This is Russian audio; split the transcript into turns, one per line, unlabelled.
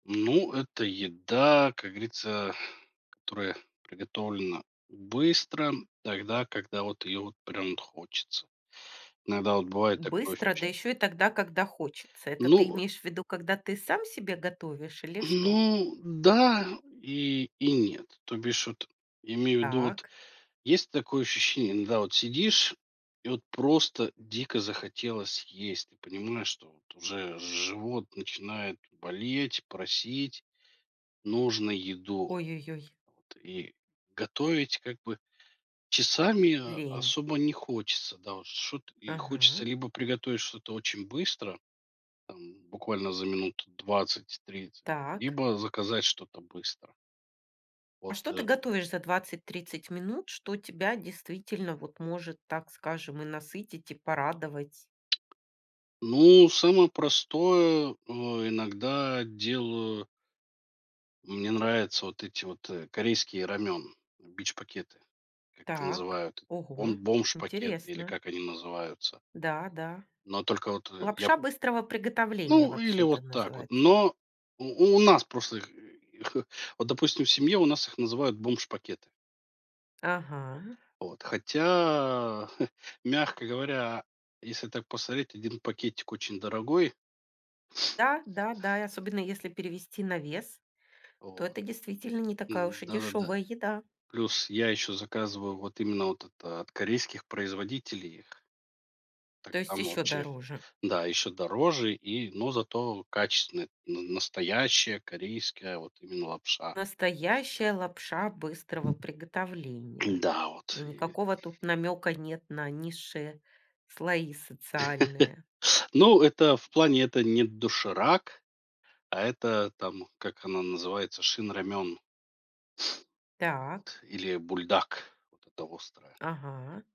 Ну, это еда, как говорится, которая приготовлена быстро, тогда, когда вот ее вот прям вот хочется, иногда вот бывает такое
Быстро,
[unintelligible]
да еще и тогда, когда хочется. Это ты
Ну
имеешь в виду, когда ты сам себе готовишь или что?
Ну, да. И и нет, то бишь вот я имею в виду, вот
Так.
есть такое ощущение- иногда вот сидишь и вот просто дико захотелось есть, и понимаешь, что вот уже живот начинает болеть, просить. Нужно еду.
Ой-ой-ой.
Вот. И готовить как бы часами
Лень.
особо не хочется, да, вот что-т и хочется
Ага.
либо приготовить что-то очень быстро, там буквально за минут 20-30,
Так.
либо заказать что-то быстро.
А
Вот
что ты
и
готовишь за 20-30 минут, что тебя действительно вот может, так скажем, и насытить, и порадовать?
Ну, самое простое, э, иногда делаю Ну, мне нравится вот эти вот, э, корейские рамён- бич-пакеты, как их
Так,
называют, бом
ого,
бомж-пакеты, или
интересно.
как они называются.
Да, да.
Но только вот, э, я
Лапша быстрого приготовления
Ну или
вообще
вот
это
так вот,
называется.
но у у нас просто их их вот, допустим, в семье у нас их называют бомж-пакеты.
Ага.
Вот. Хотя, мягко говоря, если так посмотреть, 1 пакетик очень дорогой.
Да, да, да. И особенно если перевести на вес, то
Вот.
это действительно не
И
такая уж и
да-да-да.
дешевая еда.
Плюс я еще заказываю вот именно от, эта, от корейских производителей их. Так
То есть
там
еще
вообще
дороже.
Да, еще дороже и но зато качественно, н настоящая корейская вот именно лапша.
Настоящая лапша быстрого приготовления,
Да,
и
вот и
никакого тут намека нет на низшие слои социальные.
Ну, это в плане, это не "Доширак", а это там, как она называется, "Шин Рамён".
Так.
Вот. Или "Бульдак"- вот это острое.
Ага.